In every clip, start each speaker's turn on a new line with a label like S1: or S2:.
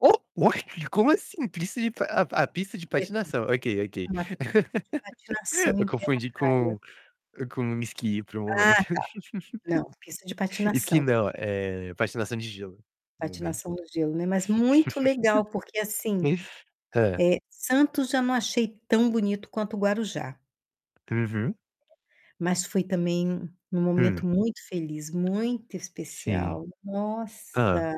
S1: O oi? Como assim? Pista de pa a p a pista de
S2: É que
S1: patinação. Ok, ok.
S2: uma pista de patinação
S1: Eu
S2: em plena a
S1: confundi
S2: praia.
S1: com com esqui por um
S2: Ah, tá.
S1: momento.
S2: Não, pista de
S1: Esqui
S2: patinação.
S1: não, eh, patinação de gelo, no momento.
S2: Patinação no gelo, né. Mas muito legal, porque assim,
S1: Hã.
S2: eh, Santos já não achei tão bonito quanto Guarujá.
S1: Uhum.
S2: Mas foi também um
S1: Hum.
S2: momento muito feliz, muito
S1: Sim.
S2: especial.
S1: Hã.
S2: Nossa!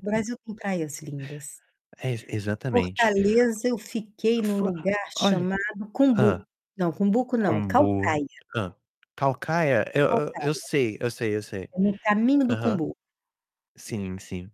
S2: O Brasil tem praias lindas.
S1: É, ex exatamente.
S2: Fortaleza eu fiquei num
S1: Fu
S2: lugar
S1: olha
S2: chamado
S1: Hã.
S2: Cumbuco. Não, Cumbuco não,
S1: Kombu.
S2: Caucaia.
S1: Hã. Caucaia? Eu eu eu
S2: Caucaia.
S1: sei, eu sei, eu sei.
S2: É no caminho do
S1: Aham.
S2: Cumbuco.
S1: Sim, sim.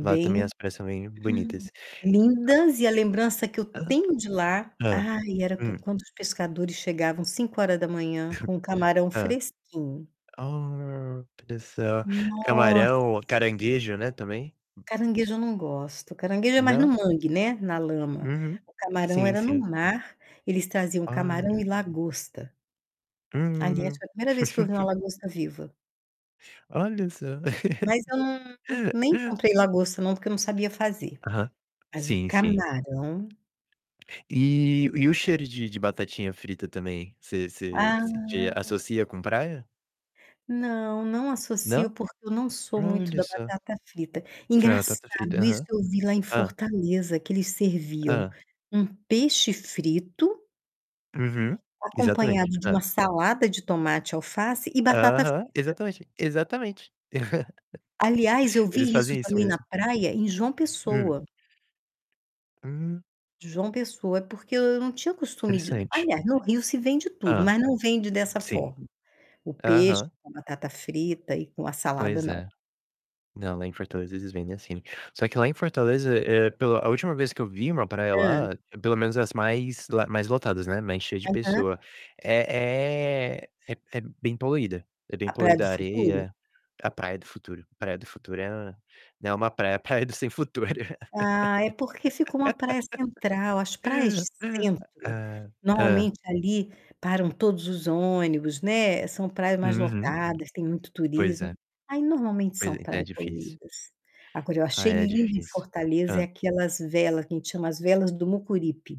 S1: Lá também as praias são bem bonitas.
S2: Lindas e a lembrança que eu
S1: A Hã?
S2: tenho de lá,
S1: Hã.
S2: ai, era q
S1: Hum.
S2: quando os pescadores chegavam 5h com o camarão
S1: Hã.
S2: fresquinho.
S1: Olha só.
S2: Nossa!
S1: Camarão, caranguejo, né, também.
S2: Caranguejo eu não gosto. Caranguejo é mais no
S1: Não?
S2: mangue, né, na lama.
S1: Uhum.
S2: O camarão
S1: Sim,
S2: era no
S1: sim.
S2: mar. Eles traziam camarão
S1: Olha.
S2: e lagosta. Aliás,
S1: Hum.
S2: foi a primeira vez que eu vi uma lagosta viva.
S1: Olha só.
S2: Mas eu não nem comprei lagosta não, porque eu não sabia fazer.
S1: Aham.
S2: Mas o
S1: Sim, sim.
S2: camarão
S1: E e o cheiro de de batatinha frita também, você você
S2: Ah.
S1: você associa com praia?
S2: Não, não associo,
S1: Não?
S2: porque eu não sou muito
S1: Olha
S2: da
S1: só.
S2: batata frita.
S1: Fr batata frita,
S2: Engraçado, isso
S1: aham.
S2: eu vi lá em
S1: Hã.
S2: Fortaleza, que eles serviam
S1: Hã.
S2: um peixe frito
S1: Uhum, exatamente.
S2: acompanhado de
S1: Hã.
S2: uma salada de tomate, alface e batata frita.
S1: Aham, exatamente, exatamente.
S2: Aliás, eu
S1: Eles
S2: vi isso
S1: fazem isso
S2: também na
S1: mesmo.
S2: praia em João
S1: Hum.
S2: Pessoa.
S1: Hum.
S2: João Pessoa. É porque eu não tinha costume de
S1: Interessante.
S2: aliás, no Rio se vende tudo,
S1: Hã.
S2: mas não vende dessa
S1: Sim.
S2: forma. O peixe
S1: Aham.
S2: com batata frita e com a salada,
S1: Pois
S2: não.
S1: é. Não, lá em Fortaleza eles vendem assim. Só que lá em Fortaleza, eh, pela a última vez que eu vi uma praia
S2: Hã.
S1: lá, pelo menos as mais lá mais lotadas, né, mais cheia de
S2: Aham.
S1: pessoa, é é é é bem poluída. É bem
S2: A Praia do
S1: poluída a
S2: Futuro?
S1: areia a Praia do Futuro. Praia do Futuro é, né, uma praia praia do sem futuro.
S2: Ah, é porque fica uma praia central. As praias de centro,
S1: Ah. Hã.
S2: normalmente ali param todos os ônibus, né, são praias mais
S1: Uhum.
S2: lotadas, tem muito
S1: Pois
S2: turismo,
S1: é.
S2: aí normalmente
S1: Pois
S2: são
S1: é, ainda é
S2: praias
S1: difícil.
S2: poluídas. Agora eu achei
S1: Ai, é
S2: lindo em
S1: difícil.
S2: Fortaleza é
S1: Hã.
S2: aquelas vela, que a gente chama as Velas do Mucuripe.